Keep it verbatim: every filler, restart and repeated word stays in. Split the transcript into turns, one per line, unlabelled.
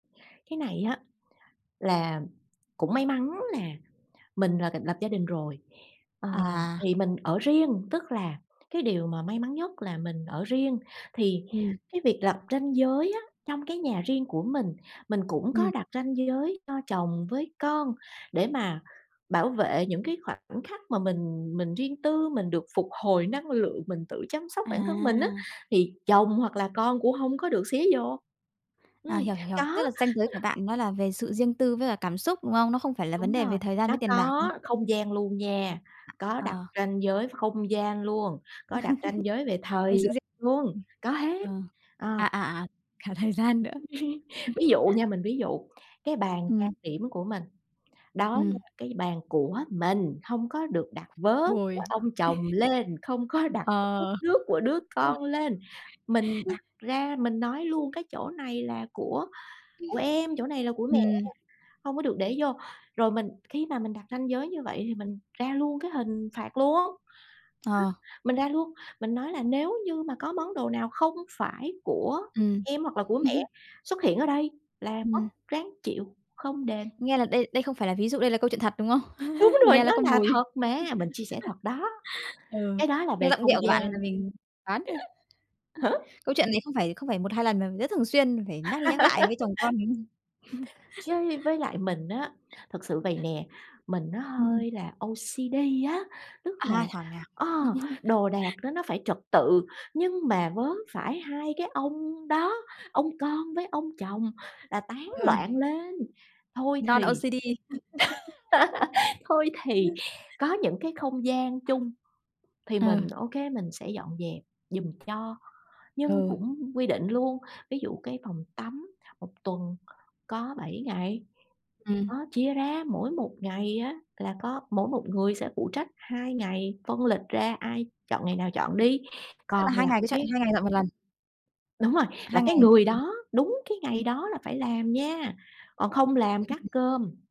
Cái này á là cũng may mắn là mình là cũng lập gia đình rồi, ờ,
À.
thì mình ở riêng. Tức là cái điều mà may mắn nhất là mình ở riêng thì
Ừm.
cái việc lập ranh giới á, trong cái nhà riêng của mình, mình cũng có
Ừm.
đặt ranh giới cho chồng với con để mà bảo vệ những cái khoảnh khắc mà mình mình riêng tư, mình được phục hồi năng lượng, mình tự chăm sóc bản thân mình á,
À!
thì chồng hoặc là con cũng hông có được xía vô.
À,
Ừm,
hiểu, hiểu, hiểu.
có,
Tức là ranh giới
ừ.
của bạn nó là về sự riêng tư với cả cảm xúc, đúng không? Nó không phải là vấn
Đúng
đề về
rồi,
thời gian
nó
với tiền bạc, ừ.
có không gian luôn nha, có đặt
Ờ.
ranh giới và không gian luôn, có đặt ranh giới về thời
Ờ, sự
gian
riêng
luôn,
ừm,
có hết.
ờ.
Ờ.
À, à, à, cả thời gian nữa. Ừm.
Ví dụ nha, mình ví dụ, cái bàn trang
Ừm.
điểm của mình, đó
Ừm.
là cái bàn của mình, hông có được đặt vớ của
Hồi
ông chồng lên, không có đặt cái cốc
Ờ.
nước của đứa
[unintelligible]
con lên. Mình đặt ra, mình nói luôn: "Cái chỗ này là của của em, chỗ này là của
Ưm.
mẹ,
Ừm.
hông có được để vô." Rồi mình khi mà mình đặt ranh giới như vậy, thì mình ra luôn cái hình phạt luôn. Á,
Ờ.
mình ra luôn, mình nói là "Nếu như mà có món đồ nào không phải của
Ừm.
em hoặc là của mẹ xuất hiện ở đây là mất
Ừm.
ráng chịu, không đền."
Nghe là đây đây không phải là ví dụ, đây là câu chuyện thật, đúng không?
Đúng rồi,
Nghe là
nó
có
là
mùi.
thật mà, mình chia sẻ thật đó,
Ừ,
cái đó là
nghe
về
giọng điệu
không
của bạn là
gian.
mình đoán thôi. Ừ,
Hả?
câu chuyện này không phải, không phải một hai lần mà rất thường xuyên phải nhắc đi nhắc lại với chồng con, đúng hông?
Chứ như với lại mình á, thực sự vầy nè, mình nó
Ừm.
hơi là O-C-D á, tức là,
À, thảo nào.
ờ, đồ đạc nó nó phải trật tự, nhưng mà vớ phải hai cái ông đó, ông con với ông chồng là tán
Ừ.
loạn lên. Thôi thì
Non-O-C-D.
thôi thì
Ừm.
có những cái không gian chung thì
Ờ.
mình ô kê, mình sẽ dọn dẹp giùm cho, nhưng
Ừ.
cũng quy định luôn. Ví dụ, cái phòng tắm một tuần có bảy ngày,
Ừm.
đó, chia ra, mỗi một ngày á là có mỗi một người sẽ phụ trách hai ngày, phân lịch ra ai chọn ngày nào chọn đi,
Tức là
còn
hai
lại
ngày cứ chạy,
cái
hai ngày dọn một lần?
Đúng rồi, là
2
cái
ngày?
người
Ừm.
đó, đúng cái ngày đó là phải làm nha, còn không làm cắt
[unintelligible]
cơm.